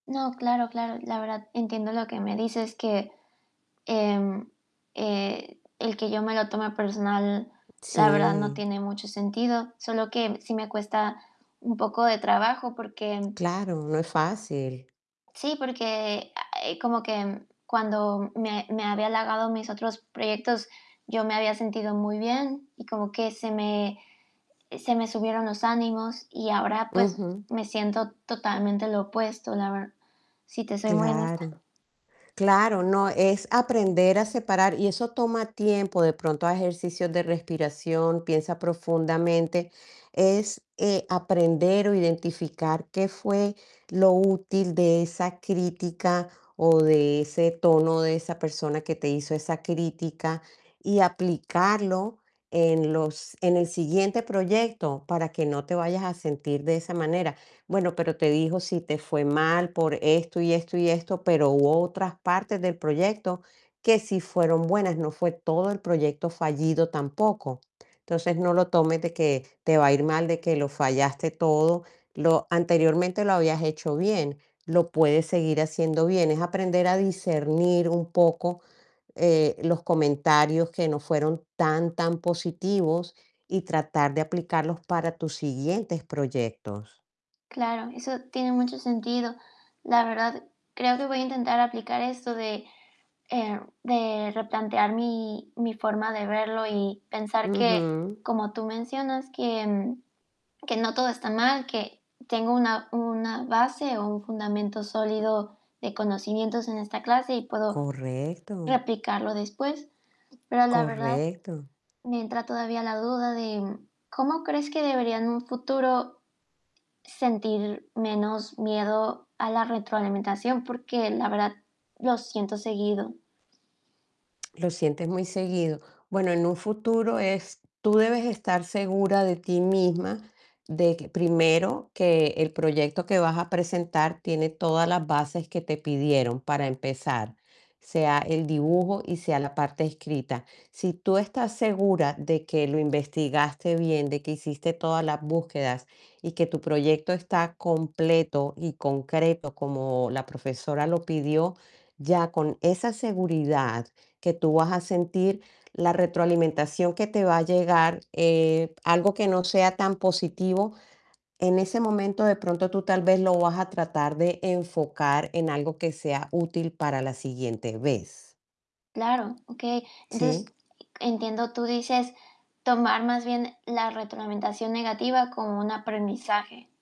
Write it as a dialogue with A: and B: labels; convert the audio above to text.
A: No, claro, claro. La verdad, entiendo lo que me dices, que, em, eh, el que yo me lo tome personal, la verdad, no
B: Sí.
A: tiene mucho sentido. Sólo, que sí me cuesta un poco de trabajo, porque
B: Claro, no es fácil.
A: Sí, porque, a eh, como que, mm, cuando me me había halagado mis otros proyectos, yo me había sentido muy bien, y como que se me y se me subieron los ánimos. Y ahora, pues,
B: Ujú.
A: me siento totalmente lo opuesto, la ver Si te soy muy honesta.
B: Claro. Claro. No, es aprender a separar, y eso toma tiempo. De pronto, haz ejercicios de respiración, piensa profundamente. Es, eh, aprender o identificar qué fue lo útil de esa crítica, o de ese tono de esa persona, que te hizo esa crítica, y aplicarlo en los en el siguiente proyecto, para que no te vayas a sentir de esa manera. Bueno, pero, te dijo si te fue mal por esto, y esto y esto, pero hubo otras partes del proyecto, que sí fueron buenas, no fue todo el proyecto fallido, tampoco. Entonces, no lo tomes de que, te va a ir mal, de que lo fallaste todo. Lo anteriormente, lo habías hecho bien, lo puedes seguir haciendo bien. Es aprender a discernir un poco, eh, los comentarios que no fueron tan tan positivos, y tratar de aplicarlos para tus siguientes proyectos.
A: Claro, eso tiene mucho sentido. La verdad, creo que voy a intentar aplicar esto de eh, de replantear mi mi forma de verlo, y pensar que,
B: Ujú.
A: como tú mencionas, que que no todo está mal, que tengo una una base, o un fundamento sólido de conocimientos, en esta clase, y puedo
B: Correcto.
A: replicarlo después. Pero la verdad,
B: Correcto.
A: me entra todavía la duda de, mm ¿Cómo crees que debería en un futuro, sentir menos miedo a la retroalimentación? Porque la verdad, lo siento seguido.
B: ¿Lo sientes muy seguido? Bueno, en un futuro es tú debes estar segura de ti misma, de q primero, que el proyecto que vas a presentar, tiene todas las bases que te pidieron, para empezar. Sea el dibujo, y sea la parte escrita. Si tú estás segura, de que lo investigaste bien, de que hiciste todas las búsquedas, y que tu proyecto está completo y concreto, como la profesora lo pidió, ya con esa seguridad que tú vas a sentir, la retroalimentación que te va a llegar, eh, algo que no sea tan positivo, en ese momento, de pronto, tú tal vez, lo vas a tratar de enfocar, en algo que sea útil para la siguiente vez.
A: Claro, okey. Entonces,
B: ¿Sí?
A: entiendo tú dices, tomar más bien, la retroalimentación negativa, como un aprendizaje.